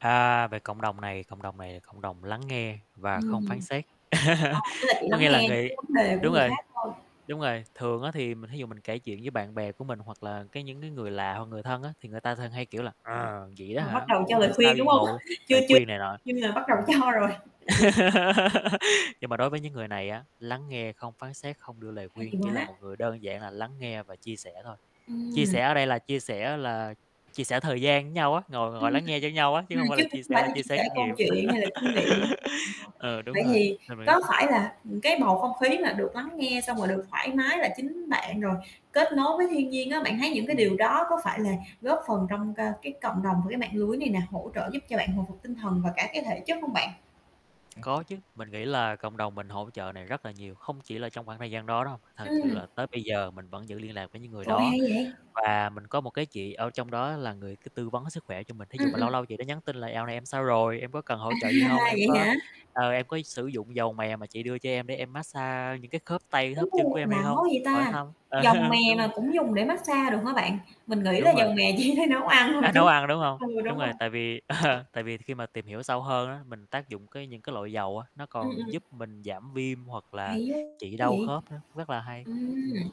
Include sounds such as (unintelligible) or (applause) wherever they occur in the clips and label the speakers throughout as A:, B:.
A: À, về cộng đồng này, cộng đồng này là cộng đồng lắng nghe và không phán
B: Ừm.
A: xét.
B: Ờ,
A: (laughs)
B: tức là chỉ
A: Có
B: lắng
A: nghĩa là
B: nghe những
A: người
B: cái vấn đề của
A: đúng
B: người
A: rồi,
B: khác thôi?
A: đúng rồi, thường á, thì mình thí dụ mình kể chuyện với bạn bè của mình, hoặc là cái những cái người lạ, hoặc người thân á, thì người ta thường hay, kiểu, là "À, vậy đó
B: Họ bắt
A: hả,
B: đầu cho
A: ủa tại
B: lời
A: sao
B: khuyên,
A: đi
B: đúng hông?
A: ngồi?"
B: Chưa
A: lời
B: chưa
A: khuyên này nọ.
B: cho nên là bắt đầu
A: Ừm.
B: cho rồi. (chuckles)
A: (laughs) Nhưng mà đối với những người này á, lắng nghe, không phán xét, không đưa lời
B: Hay
A: khuyên, chỉ là
B: quá.
A: một người đơn giản là lắng nghe và chia sẻ thôi, chia
B: Ừm.
A: sẻ ở đây là chia sẻ là chia sẻ thời gian nhau á, ngồi
B: Ưm,
A: ngồi lắng
B: ừm.
A: nghe cho nhau á, chứ
B: Ừm,
A: hông phải
B: chứ
A: là
B: không
A: chia sẻ
B: phải
A: là
B: là
A: chia
B: chia
A: sẻ
B: sẻ
A: kinh
B: câu
A: nghiệm.
B: chuyện hay là kinh nghiệm giống
A: (laughs)
B: họ.
A: Ờ, đúng
B: Vậy
A: rồi,
B: thì
A: nên mình rất
B: có
A: thích.
B: phải là, ừm, cái bầu không khí là được lắng nghe, xong rồi được thoải mái là chính bạn, rồi kết nối với thiên nhiên á, bạn thấy những cái điều
A: Ừm.
B: đó có phải là góp phần trong c cái cộng đồng và cái mạng lưới này nè, hỗ trợ giúp cho bạn hồi phục tinh thần và cả cái thể chất không bạn?
A: Có chứ, mình nghĩ là cộng đồng mình hỗ trợ này rất là nhiều, không chỉ là trong khoảng thời gian đó đâu, thật sự
B: Ừm.
A: là tới bây giờ mình vẫn giữ liên lạc với những người
B: Trời ơi,
A: đó,
B: hay vậy?
A: và mình có một cái chị ở trong đó là người cứ tư vấn sức khỏe cho mình. Thí dụ
B: Ừm,
A: mà
B: ừm.
A: lâu lâu chị đó nhắn tin là "Dạo này em sao rồi, em có cần hỗ
B: À,
A: trợ gì hông? Em
B: vậy
A: có,
B: hả?
A: ờ, em có s sử dụng dầu mè mà chị đưa cho em để em mát xa những cái khớp tay, khớp chân của
B: U,
A: em hay
B: lạ quá
A: hông?"
B: vậy
A: hỏi
B: ta!
A: thăm,
B: Dầu
A: (chuckles)
B: mè
A: đúng
B: mà
A: rồi.
B: cũng dùng để mát xa được hả bạn? Mình nghĩ là
A: Đúng
B: dầu
A: rồi.
B: mè chỉ để nấu ăn thôi
A: A,
B: chứ
A: nấu ăn, đúng hông?
B: ừ, đúng
A: Đúng
B: rồi.
A: rồi, tại vì ờ, tại vì khi mà tìm hiểu sâu hơn á, mình tác dụng cái những cái loại dầu á, nó
B: Ừm, ừm.
A: còn giúp mình giảm viêm hoặc là
B: Hay quá
A: trị đau
B: vậy?
A: khớp nữa, rất là hay,
B: Ừm.
A: ừm.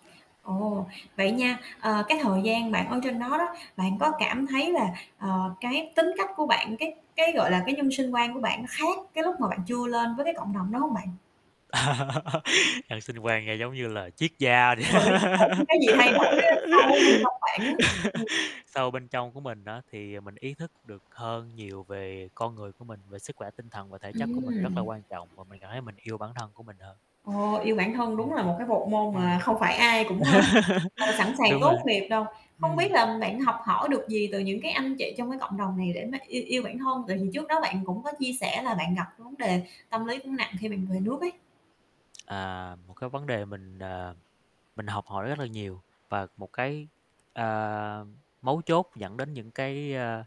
B: Ồ, vậy nha, ờ, cái thời gian bạn ở trên đó đó, bạn có cảm thấy là, ờ, cái tính cách của bạn, cái cái, gọi là, cái nhân sinh quan của bạn nó khác cái lúc mà bạn chưa lên với cái cộng đồng đó hông bạn?
A: (laughs) Nhân sinh quan nghe giống như là triết gia vậy.
B: Rồi, nói chung là (unintelligible) cái gì thay đổi á, sâu bên trong bạn á?
A: (laughs)
B: Ừm.
A: Sâu bên trong của mình á, thì, à, mình ý thức được hơn nhiều về con người của mình, về sức khỏe tinh thần và thể chất của mình rất là
B: Ừm.
A: quan trọng và mình cảm thấy mình yêu bản thân của mình hơn.
B: Ồ, yêu bản thân đúng
A: Ừm.
B: là một cái bộ môn mà
A: Ừm.
B: không phải ai cũng, ơ,
A: (laughs)
B: ờ, sẵn sàng
A: Đúng
B: tốt
A: rồi.
B: nghiệp đâu. Không biết
A: Ừm.
B: làm bạn học hỏi được gì từ những cái anh chị trong cái cộng đồng này để mà yêu yêu bản thân, tại vì trước đó bạn cũng có chia sẻ là bạn gặp vấn đề tâm lý cũng nặng khi bạn về nước ấy?
A: À, một cái vấn đề mình, ờ, mình học hỏi rất là nhiều, và một cái, ờ, mấu chốt dẫn đến những cái, ơ,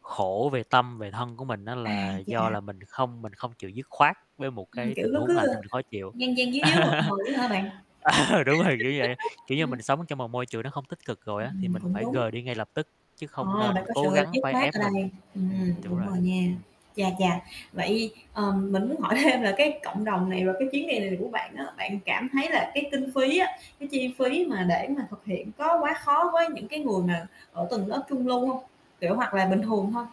A: khổ về tâm, về thân của mình á,
B: À,
A: là do
B: chà.
A: là mình không mình không chịu dứt khoát với một
B: Ừm,
A: cái
B: kiểu,
A: tình
B: nó
A: huống
B: cứ,
A: làm cho
B: ơ,
A: mình khó chịu.
B: dan dan díu díu, mập mờ á hả bạn?
A: (laughs) Ờ, đúng rồi, kiểu vậy,
B: (chuckles)
A: kiểu như,
B: Ừm.
A: mình sống trong một môi trường nó không tích cực rồi á, thì
B: Ừm,
A: mình
B: cũng
A: phải
B: đúng.
A: rời đi ngay lập tức, chứ không
B: Ờ, bạn
A: nên
B: có sự
A: cố gắng
B: dứt
A: phải
B: khoát
A: ép
B: ở
A: mình
B: đây, ừm,
A: ừm, đúng
B: đúng
A: rồi,
B: rồi nha,
A: ừm.
B: chà chà. Vậy, ờ, mình muốn hỏi thêm là cái cộng đồng này, rồi cái chuyến đi này của bạn á, bạn cảm thấy là cái kinh phí á, cái chi phí mà để mà thực hiện có quá khó với những cái người mà ở tầng lớp trung lưu hông? Kiểu, hoặc là bình thường thôi?